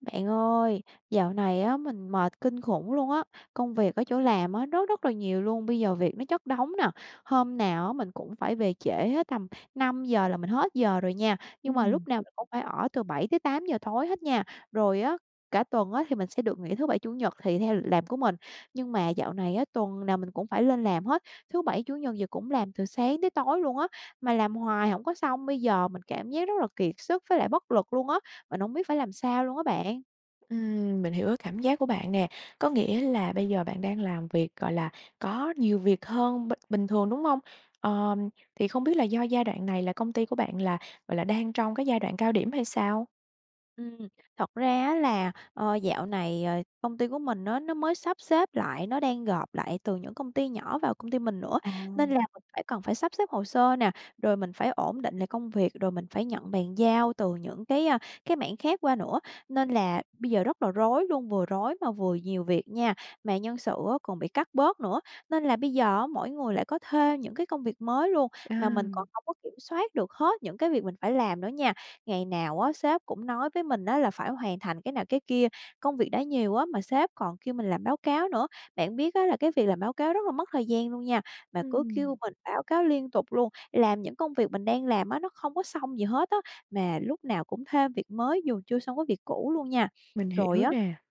Bạn ơi, dạo này á, mình mệt kinh khủng luôn á. Công việc ở chỗ làm á, rất, rất là nhiều luôn, bây giờ việc nó chất đống nè, hôm nào á, mình cũng phải về trễ hết tầm 5:00 là mình hết giờ rồi nha, nhưng mà Ừm. lúc nào mình cũng phải ở từ 7:00-8:00 tối hết nha. Rồi á, cả tuần á thì mình sẽ được nghỉ thứ Bảy, Chủ nhật thì theo lịch làm của mình, nhưng mà dạo này á, tuần nào mình cũng phải lên làm hết, thứ Bảy, Chủ nhật gì cũng làm từ sáng tới tối luôn á, mà làm hoài hổng có xong. Bây giờ mình cảm giác rất là kiệt sức với lại bất lực luôn á, mình hổng biết phải làm sao luôn á bạn. Ừm, mình hiểu cái cảm giác của bạn nè, có nghĩa là bây giờ bạn đang làm việc, gọi là, có nhiều việc hơn b bình thường, đúng hông? Ờm, thì không biết là do giai đoạn này là công ty của bạn là, gọi là, đang trong cái giai đoạn cao điểm hay sao? Ừm, thật ra á là, ờ, dạo này, ờ, công ty của mình á, nó mới sắp xếp lại. Nó đang gộp lại từ những công ty nhỏ vào công ty mình nữa nên À. là mình phải cần phải sắp xếp hồ sơ nè, rồi mình phải ổn định lại công việc, rồi mình phải nhận bàn giao từ những cái, a, cái mảng khác qua nữa, Ừm. nên là bây giờ rất là rối luôn, vừa rối, mà vừa nhiều việc nha. Mà nhân sự á, còn bị cắt bớt nữa nên là bây giờ á, mỗi người lại có thêm những cái công việc mới luôn, mà mình À. còn hổng có kiểm soát được hết những cái việc mình phải làm nữa nha. Ngày nào á, sếp cũng nói với mình á, là phải hoàn thành cái nào, cái kia, công việc đã nhiều á, mà sếp còn kêu mình làm báo cáo nữa. Bạn biết á, là cái việc làm báo cáo rất là mất thời gian luôn nha, mà cứ Ừm. kêu mình báo cáo liên tục luôn, làm những công việc mình đang làm á, nó không có xong gì hết á, mà lúc nào cũng thêm việc mới dù chưa xong cái việc cũ luôn nha. Mình Rồi hiểu á nè.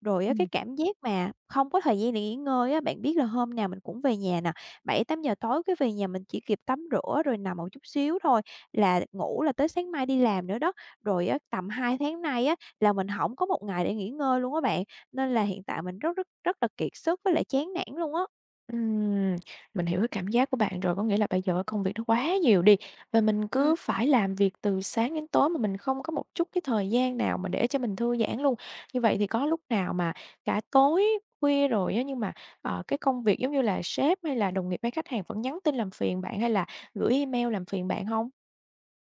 rồi á, cái Ừm. cảm giác mà không có thời gian để nghỉ ngơi á, bạn biết là hôm nào mình cũng về nhà nè, 7:00-8:00 tối cái về nhà mình chỉ kịp tắm rửa rồi nằm một chút xíu thôi là ngủ là tới sáng mai đi làm nữa đó. Rồi á, tầm 2 tháng nay á, là mình hổng có một ngày để nghỉ ngơi luôn á bạn, nên là hiện tại mình rất, rất, rất là kiệt sức với lại chán nản luôn á. Ừm, mình hiểu cái cảm giác của bạn rồi. Có nghĩa là bây giờ á công việc nó quá nhiều đi và mình Ừm. cứ phải làm việc từ sáng đến tối mà mình không có một chút cái thời gian nào mà để cho mình thư giãn luôn. Như vậy thì có lúc nào mà cả tối khuya rồi á nhưng mà, à, cái công việc, giống như là, sếp, hay là đồng nghiệp, hay khách hàng vẫn nhắn tin làm phiền bạn, hay là gửi email làm phiền bạn hông?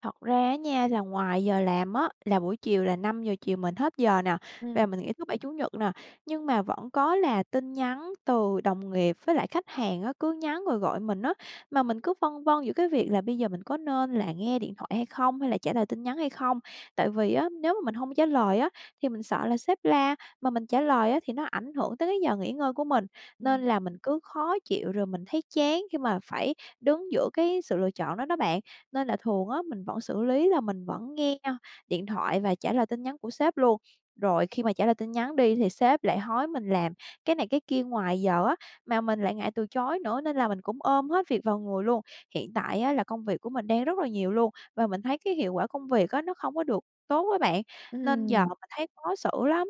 Thật ra á nha là ngoài giờ làm á là buổi chiều là 5:00 chiều mình hết giờ nè và Ừm. mình nghỉ thứ Bảy, Chủ nhật nè, nhưng mà vẫn có là tin nhắn từ đồng nghiệp với lại khách hàng á, cứ nhắn rồi gọi mình á. Mà mình cứ phân vân giữa cái việc là bây giờ mình có nên là nghe điện thoại hay không hay là trả lời tin nhắn hay không. Tại vì á, nếu mà mình hông trả lời á thì mình sợ là sếp la, mà mình trả lời á thì nó ảnh hưởng tới cái giờ nghỉ ngơi của mình, nên Ừm. là mình cứ khó chịu rồi mình thấy chán khi mà phải đứng giữa cái sự lựa chọn đó đó bạn. Nên là thường á mình vẫn xử lý là mình vẫn nghe nha điện thoại và trả lời tin nhắn của sếp luôn. Rồi khi mà trả lời tin nhắn đi thì sếp lại hối mình làm cái này, cái kia ngoài giờ á mà mình lại ngại từ chối nữa, nên là mình cũng ôm hết việc vào người luôn. Hiện tại á, là công việc của mình đang rất là nhiều luôn và mình thấy cái hiệu quả công việc á nó không có được tốt á bạn, nên giờ Ừm. mình thấy khó xử lắm.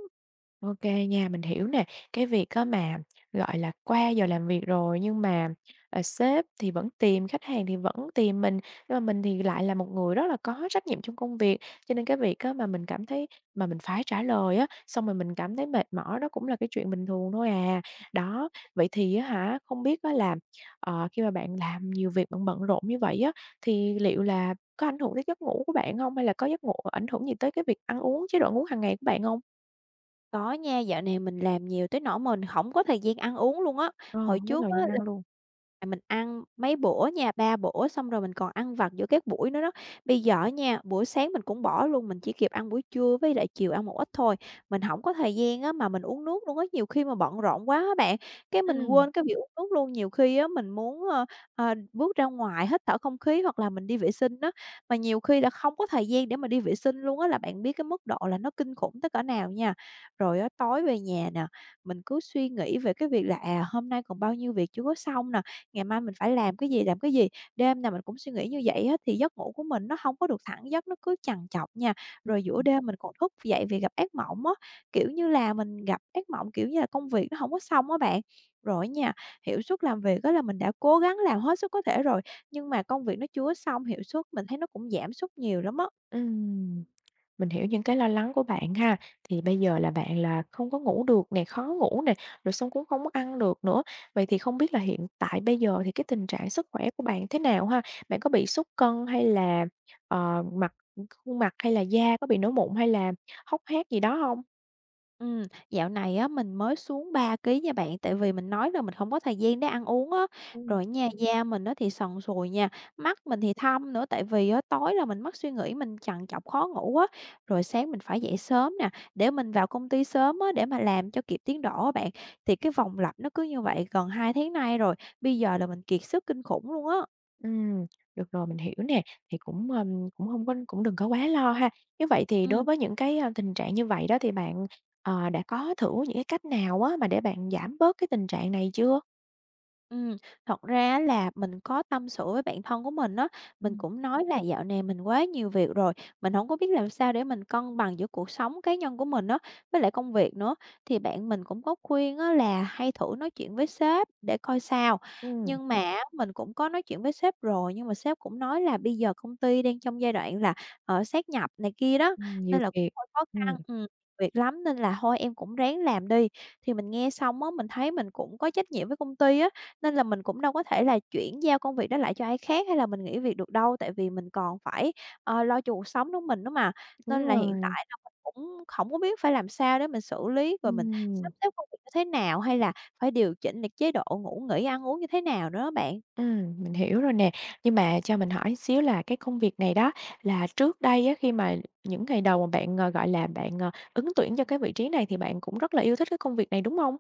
Ô kê nha, mình hiểu nè. Cái việc á, mà, gọi là, qua giờ làm việc rồi nhưng mà, ờ, sếp thì vẫn tìm, khách hàng thì vẫn tìm mình, nhưng mà mình thì lại là một người rất là có trách nhiệm trong công việc. Cho nên cái việc á, mà mình cảm thấy mà mình phải trả lời á, xong rồi mình cảm thấy mệt mỏi đó cũng là cái chuyện bình thường thôi à. Đó. Vậy thì á hả, không biết á, là, ờ, khi mà bạn làm nhiều việc bận bận rộn như vậy á, thì liệu là có ảnh hưởng tới giấc ngủ của bạn hông, hay là có giấc ngủ ảnh hưởng gì tới cái việc ăn uống, chế độ ăn uống hàng ngày của bạn hông? Có nha, dạo này mình làm nhiều tới nỗi mà mình hổng có thời gian ăn uống luôn á. Ờ, Hồi hông có trước thời á gian là ăn luôn. à, mình ăn mấy bữa nha, 3 bữa, xong rồi mình còn ăn vặt giữa các buổi nữa đó. Bây giờ á nha, buổi sáng mình cũng bỏ luôn, mình chỉ kịp ăn buổi trưa với lại chiều ăn một ít thôi. Mình hổng có thời gian á, mà mình uống nước luôn á. Nhiều khi mà bận rộn quá á bạn, cái mình Ừm. quên cái việc uống nước luôn. Nhiều khi á, mình muốn, ờ, ờ, bước ra ngoài hít thở không khí hoặc là mình đi vệ sinh á, mà nhiều khi là không có thời gian để mà đi vệ sinh luôn á, là bạn biết cái mức độ là nó kinh khủng tới cỡ nào nha. Rồi á, tối về nhà nè, mình cứ suy nghĩ về cái việc là, à, hôm nay còn bao nhiêu việc chưa có xong nè, ngày mai mình phải làm cái gì, làm cái gì. Đêm nào mình cũng suy nghĩ như vậy á, thì giấc ngủ của mình nó hông có được thẳng giấc, nó cứ trằn trọc nha. Ừm, Rồi giữa ừm. đêm mình còn thức dậy vì gặp ác mộng á, kiểu như là mình gặp ác mộng, kiểu như là, công việc nó hổng có xong á bạn. Rồi á nha, hiệu suất làm việc á là mình đã cố gắng làm hết sức có thể rồi, nhưng mà công việc nó chưa có xong, hiệu suất mình thấy nó cũng giảm sút nhiều lắm á. Ừm. Mình hiểu những cái lo lắng của bạn ha. Thì bây giờ là bạn là không có ngủ được nè, khó ngủ nè, rồi xong cũng không có ăn được nữa. Vậy thì không biết là hiện tại bây giờ thì cái tình trạng sức khỏe của bạn thế nào ha? Bạn có bị sút cân hay là, ờ, mặt khuôn mặt hay là da có bị nổi mụn hay là hốc hác gì đó hông? Ừm. Dạo này á mình mới xuống 3 ký nha bạn, tại vì mình nói là mình hổng có thời gian để ăn uống á, Ừm. rồi á nha da mình á thì sần sùi nha, mắt mình thì thâm nữa, tại vì á tối là mình mắc suy nghĩ, mình trằn trọc khó ngủ á, rồi sáng mình phải dậy sớm nè, để mình vào công ty sớm á, để mà làm cho kịp tiến độ á bạn. Thì cái vòng lặp nó cứ như vậy gần 2 tháng nay rồi, bây giờ là mình kiệt sức kinh khủng luôn á. Ừm. Được rồi, mình hiểu nè, thì cũng, ưm, cũng hông có cũng đừng có quá lo ha! Nếu vậy thì đối Ừm. với những cái, a, tình trạng như vậy đó thì bạn, ờ, đã có thử những cái cách nào á mà để bạn giảm bớt cái tình trạng này chưa? Ừm. Thật ra á là mình có tâm sự với bạn thân của mình á, mình Ừm. cũng nói là dạo này mình quá nhiều việc rồi, mình hổng có biết làm sao để mình cân bằng giữa cuộc sống cá nhân của mình á, với lại công việc nữa. Thì bạn mình cũng có khuyên á là hay thử nói chuyện với sếp để coi sao, Ừm. nhưng mà á mình cũng có nói chuyện với sếp rồi, nhưng mà sếp cũng nói là "Bây giờ công ty đang trong giai đoạn là, ờ, sát nhập này kia đó, Ừm, nhiều nên là cũng việc. hơi khó Ừm. khăn, ừm, việc lắm, nên là thôi em cũng ráng làm đi." Thì mình nghe xong á, mình thấy mình cũng có trách nhiệm với công ty á, nên là mình cũng đâu có thể là chuyển giao công việc đó lại cho ai khác hay là mình nghỉ việc được đâu, tại vì mình còn phải, ơ, lo cho cuộc sống nữa mình nữa mà. Đúng Nên là hiện rồi. tại là mình cũng hổng có biết phải làm sao để mình xử lý, rồi mình Ừm. sắp xếp công việc như thế nào, hay là phải điều chỉnh lại chế độ ngủ nghỉ, ăn uống như thế nào nữa á bạn. Ừm, mình hiểu rồi nè. Nhưng mà cho mình hỏi xíu là cái công việc này đó là trước đây á, khi mà những ngày đầu mà bạn, ờ, gọi là, bạn, ờ, ứng tuyển cho cái vị trí này thì bạn cũng rất là yêu thích cái công việc này, đúng hông?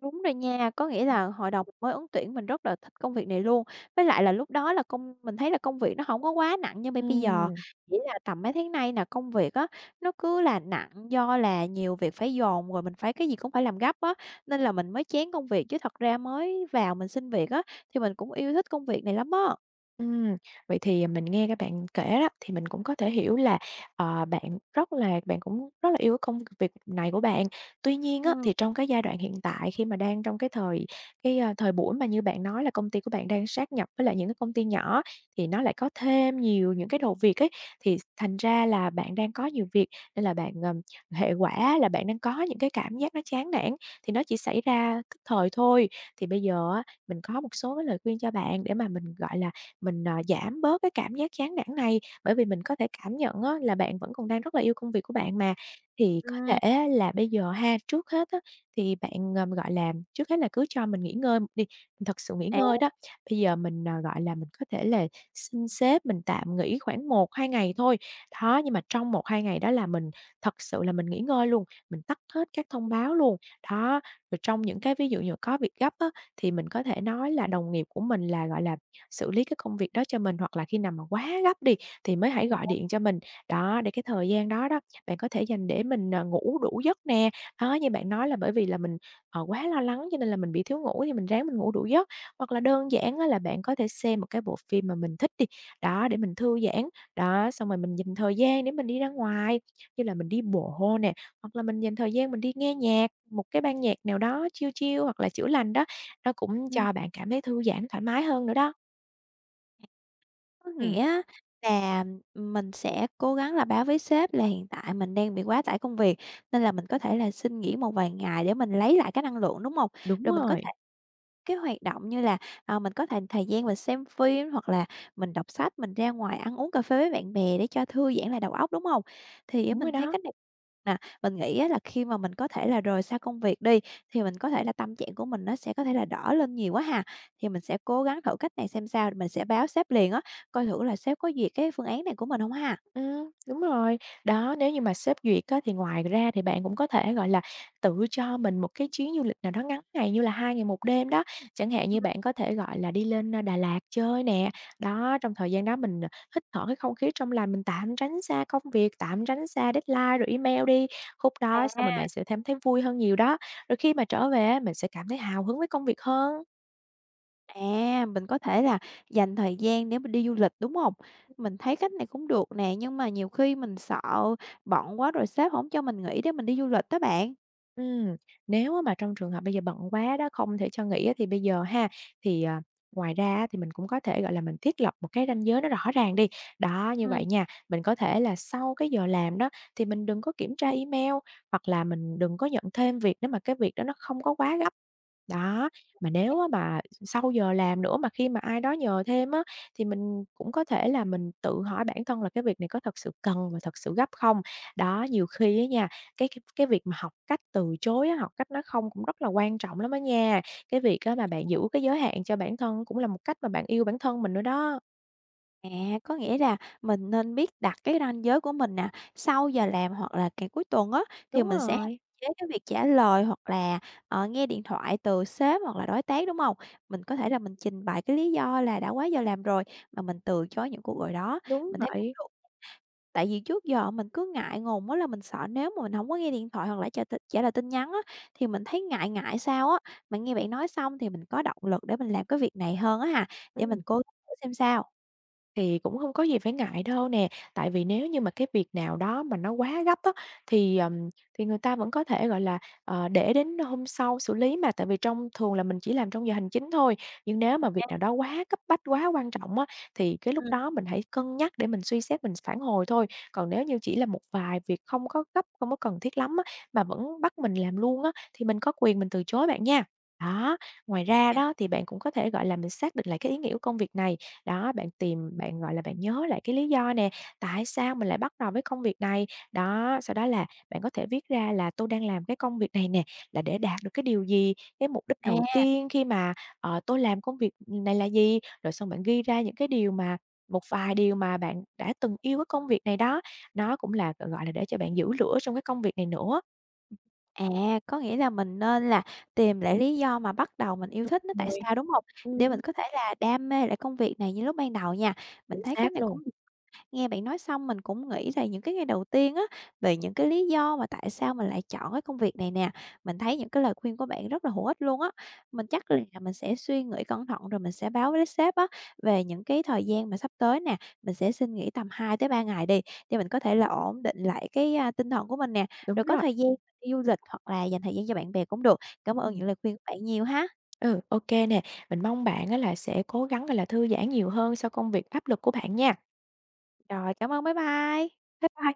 Đúng rồi nha. Có nghĩa là Ừm. hồi đầu mình mới ứng tuyển mình rất là thích công việc này luôn. Với lại là lúc đó là công mình thấy là công việc nó hổng có quá nặng như bây bây giờ, Ừm. chỉ là tầm mấy tháng nay nè, công việc á, nó cứ là nặng do là nhiều việc phải dồn rồi mình phải cái gì cũng phải làm gấp á, nên là mình mới chán công việc, chứ thật ra mới vào mình xin việc á, thì mình cũng yêu thích công việc này lắm á. Ừm, vậy thì, à, mình nghe cái bạn kể đó, thì mình cũng có thể hiểu là, ờ, bạn rất là bạn cũng rất là yêu cái công việc này của bạn. Tuy nhiên á, Ừm. thì trong cái giai đoạn hiện tại khi mà đang trong cái thời cái, à, thời buổi mà như bạn nói là công ty của bạn đang sáp nhập với lại những cái công ty nhỏ, thì nó lại có thêm nhiều những cái đầu việc ấy, thì s thành ra là bạn đang có nhiều việc nên là bạn, ờ hệ quả là bạn đang có những cái cảm giác nó chán nản, thì nó chỉ xảy ra tức thời thôi. Thì bây giờ á, mình có một số cái lời khuyên cho bạn để mà mình, gọi là, mình, à, giảm bớt cái cảm giác chán nản này, bởi vì mình có thể cảm nhận á là bạn vẫn còn đang rất là yêu công việc của bạn mà. Thì có thể Ừm. á là bây giờ ha, trước hết á, thì bạn, ờ, gọi là trước hết là cứ cho mình nghỉ ngơi một đi, thật sự nghỉ À. ngơi đó. Bây giờ mình, ờ, gọi là, mình có thể là xin sếp mình tạm nghỉ khoảng 1-2 ngày thôi, đó. Nhưng mà trong 1-2 ngày đó là mình thật sự là mình nghỉ ngơi luôn, mình tắt hết các thông báo luôn, đó. Rồi trong những cái ví dụ dụ có việc gấp á, thì mình có thể nói là đồng nghiệp của mình là, gọi là, xử lý cái công việc đó cho mình, hoặc là khi nào mà quá gấp đi, thì mới hãy gọi [unintelligible] điện cho mình, đó. Để cái thời gian đó đó, bạn có thể dành để mình, ờ, ngủ đủ giấc nè, đó. Như bạn nói là bởi vì là mình, ờ, quá lo lắng cho nên là mình bị thiếu ngủ, thì mình ráng mình ngủ đủ giấc. Hoặc là đơn giản á là bạn có thể xem một cái bộ phim mà mình thích đi, đó, để mình thư giãn. Đó, xong rồi mình dành thời gian để mình đi ra ngoài như là mình đi bộ nè, hoặc là mình dành thời gian mình đi nghe nhạc, một cái ban nhạc nào đó chill chill hoặc là chữa lành đó, nó cũng Ừm. cho bạn cảm thấy thư giãn, thoải mái hơn nữa đó. Có Ừm. nghĩa á, là, ừm, mình sẽ cố gắng là báo với sếp là hiện tại mình đang bị quá tải công việc, nên là mình có thể là xin nghỉ một vài ngày để mình lấy lại cái năng lượng, đúng hông? Đúng Rồi mình có thể rồi. cái hoạt động như là, ờ, mình có th thời gian mình xem phim hoặc là mình đọc sách, mình ra ngoài ăn uống, cà phê với bạn bè để cho thư giãn lại đầu óc, đúng hông? Thì á, Đúng rồi mình thấy đó. cách này mà, mình nghĩ á, là khi mà mình có thể là rời xa công việc đi, thì mình có thể là tâm trạng của mình nó sẽ có thể là đỡ lên nhiều quá ha, thì mình sẽ cố gắng thử cách này xem sao. Mình sẽ báo sếp liền á, coi thử là sếp có duyệt cái phương án này của mình hông ha. Ừm, đúng rồi. Đó, nếu như mà sếp duyệt á, thì ngoài ra thì bạn cũng có thể, gọi là, tự cho mình một cái chuyến du lịch nào đó ngắn ngày như là 2 ngày 1 đêm đó. Chẳng hạn như [unintelligible] bạn có thể, gọi là, đi lên, ơ, Đà Lạt chơi nè, đó. Trong thời gian đó mình, ờ, hít thở cái không khí trong lành, mình tạm tránh ra công việc, tạm tránh xa deadline rồi email đi. Khúc đó xong rồi À. bạn sẽ cảm thấy vui hơn nhiều đó. Rồi khi mà trở về á, mình sẽ cảm thấy hào hứng với công việc hơn. À, mình có thể là dành thời gian để mình đi du lịch, đúng hông? Mình thấy cách này cũng được nè, nhưng mà nhiều khi mình sợ bận quá rồi sếp hổng cho mình nghỉ để mình đi du lịch đó bạn. Ừm, nếu mà trong trường hợp bây giờ bận quá đó, không thể cho nghỉ á, thì bây giờ ha, thì, à, ngoài ra á, thì mình cũng có thể, gọi là, mình thiết lập một cái ranh giới nó rõ ràng đi. Đó, như Ừm. vậy nha, mình có thể là sau cái giờ làm đó thì mình đừng có kiểm tra email hoặc là mình đừng có nhận thêm việc nếu mà cái việc đó nó không có quá gấp. Đó, mà nếu á [unintelligible] mà sau giờ làm nữa mà khi mà ai đó nhờ thêm á, thì mình cũng có thể là mình tự hỏi bản thân là cái việc này có thật sự cần và thật sự gấp không? Đó, nhiều khi á nha, cái cái cái việc mà học cách từ chối á, học cách nói không cũng rất là quan trọng lắm á nha. Cái việc á mà bạn [unintelligible] giữ cái giới hạn cho bản thân cũng là một cách mà bạn yêu bản thân mình nữa đó. À, có nghĩa là mình nên biết đặt cái ranh giới của mình nè, sau giờ làm hoặc là cả cuối tuần á, thì Đúng mình sẽ hạn rồi. chế cái việc trả lời hoặc là, ờ, nghe điện thoại từ sếp hoặc là đối tác, đúng hông? Mình có thể là mình trình bày cái lý do là đã quá giờ làm rồi mà mình từ chối những cuộc gọi đó. Đúng Mình thấy cũng vậy. được. Tại vì trước giờ mình cứ ngại ngùng á, là mình sợ nếu mà mình hổng có nghe điện thoại hoặc là trả t trả lời tin nhắn á, thì mình thấy ngại ngại sao á. Mà nghe bạn nói xong thì mình có động lực để mình làm cái việc này hơn á ha, để mình Ừm. cố gắng thử xem sao. Thì cũng hông có gì phải ngại đâu nè, tại vì nếu như mà cái việc nào đó mà nó quá gấp á thì, ờm, thì người ta vẫn có thể, gọi là, ờ, để đến hôm sau xử lý mà. Tại vì trong thường là mình chỉ làm trong giờ hành chính thôi, nhưng nếu Ờ mà việc ha. nào đó quá cấp bách, quá quan trọng á thì cái lúc Ừm. đó mình hãy cân nhắc để mình suy xét mình phản hồi thôi. Còn nếu như chỉ là một vài việc không có gấp, không có cần thiết lắm á mà vẫn bắt mình làm luôn á, thì mình có quyền mình từ chối bạn nha! Đó, ngoài ra OK. đó thì bạn cũng có thể, gọi là, mình xác định lại cái ý nghĩa của công việc này. Đó, bạn tìm bạn, gọi là, bạn nhớ lại cái lý do nè: "Tại sao mình lại bắt đầu với công việc này?" Đó, sau đó là bạn có thể viết ra là "Tôi đang làm cái công việc này nè, là để đạt được cái điều gì? Cái mục đích đầu À! tiên khi mà, ờ, tôi làm công việc này là gì?", rồi xong bạn ghi ra những cái điều mà một vài điều mà bạn đã từng yêu cái công việc này đó, nó cũng là, gọi gọi là, để cho bạn giữ lửa trong cái công việc này nữa. À, có nghĩa là mình nên là tìm lại lý do mà bắt đầu mình yêu Đúng thích nó tại rồi. sao, đúng hông? Để Ừm. mình có thể là đam mê lại công việc này như lúc ban đầu nha. Mình Chính thấy cách xác này luôn. cũng được. Nghe bạn nói xong mình cũng nghĩ lại những cái ngày đầu tiên á, về những cái lý do mà tại sao mình lại chọn cái công việc này nè. Mình thấy những cái lời khuyên của bạn rất là hữu ích luôn á. Mình chắc là mình sẽ suy nghĩ cẩn thận rồi mình sẽ báo với sếp á về những cái thời gian mà sắp tới nè. Mình sẽ xin nghỉ tầm 2-3 ngày đi để mình có thể là ổn định lại cái, a, tinh thần của mình nè, Đúng rồi có rồi. thời gian đi du lịch hoặc là dành thời gian cho bạn bè cũng được. Cảm ơn Ừm. những lời khuyên của bạn nhiều ha! Ừ, ô kê nè, mình mong bạn á là sẽ cố gắng, gọi là, thư giãn nhiều hơn sau công việc áp lực của bạn nha! Rồi, cảm ơn, bye bye. Bye bye.